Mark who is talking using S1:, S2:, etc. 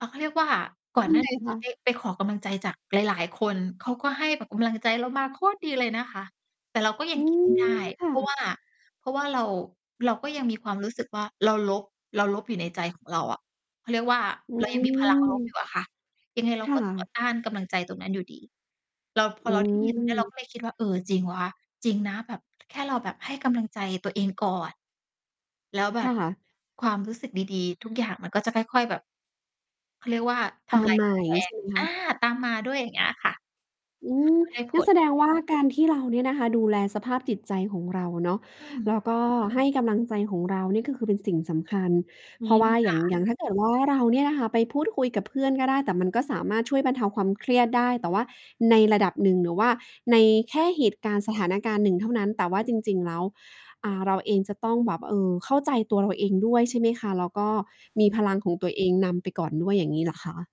S1: อ่า เขาเรียกว่า ก่อน
S2: ย
S1: ห
S2: ั
S1: น้า
S2: งไง
S1: นี้
S2: ค
S1: จ
S2: ะ?
S1: ะไป ไปขอกำลังใจจากหลาย ๆ คนเขาก็ให้แบบกำลังใจเรามาโคตรดีเลยนะคะ แต่เราก็ยั
S2: อ
S1: ง
S2: ื
S1: คิด ไม่ได้
S2: ม ค
S1: เ
S2: ่
S1: พราะว่
S2: ะ
S1: า เพราะว่าเรา เราก็ยังมีความรู้สึกว่า เราลบ เราลบอยู่ในใจของเราอะ เขาเรียกว่า
S2: อื
S1: เรายังมี พลัง ลบอยู
S2: ม
S1: ่อะค่ะ ยังไงเรา
S2: ค่
S1: ก็ ต่อ
S2: ะ
S1: ต้านกำลังใจตรงนั้นอยู่ดี เรา พ
S2: อ
S1: อ
S2: ื
S1: เรา ได้ยินเรา
S2: ม
S1: ก็เลย คิดว่า เออ จริงวะ จริงนะ แบบ แค่เราแบบให้กำลังใจตัวเองก่อน แล้วแบ
S2: ค
S1: บ
S2: ่ะ
S1: ความรู้สึกดี ๆ ทุกอย่างมันก็จะค่อย ๆ แบบ เขาเรียกว่า ท
S2: ตาม
S1: ำลาย
S2: ใหม
S1: ก
S2: ่
S1: ำแพ
S2: ใช
S1: ง
S2: ่ ไหมค
S1: อ
S2: ะ?
S1: า ตามมาด้วย อย่างเงี้ยค่ะ อื
S2: อื
S1: ม
S2: ม
S1: ก็ได้ผ
S2: งั้น
S1: ล
S2: แสดงว่า การที่เราเนี่ยนะคะ ดูแลสภาพจิตใจของเราเนาะ
S1: อื
S2: แล
S1: ม
S2: ้วก็ให้กำลังใจของเรานี่คือเป็นสิ่งสำคัญ
S1: อื
S2: เพราะ
S1: ม
S2: ว่า
S1: ค
S2: อย
S1: ่
S2: ่าง อ
S1: ะ
S2: ย่างถ้าเกิดว่า เราเนี่ยนะคะไปพูดคุยกับเพื่อนก็ได้ แต่มันก็สามารถช่วยบรรเทาความเครียดได้ แต่ว่าในระดับหนึ่ง หรือว่าในแค่เหตุการณ์ สถานการณ์หนึ่งเท่านั้น แต่ว่าจริง ๆ แล้ว อ่า เราเองจะต้องแบบ เออ เข้าใจตัวเราเองด้วย ใช่ไหมคะ แล้วก็มีพลังของตัวเองนำไปก่อนด้วย อย่างงี้เหรอคะ?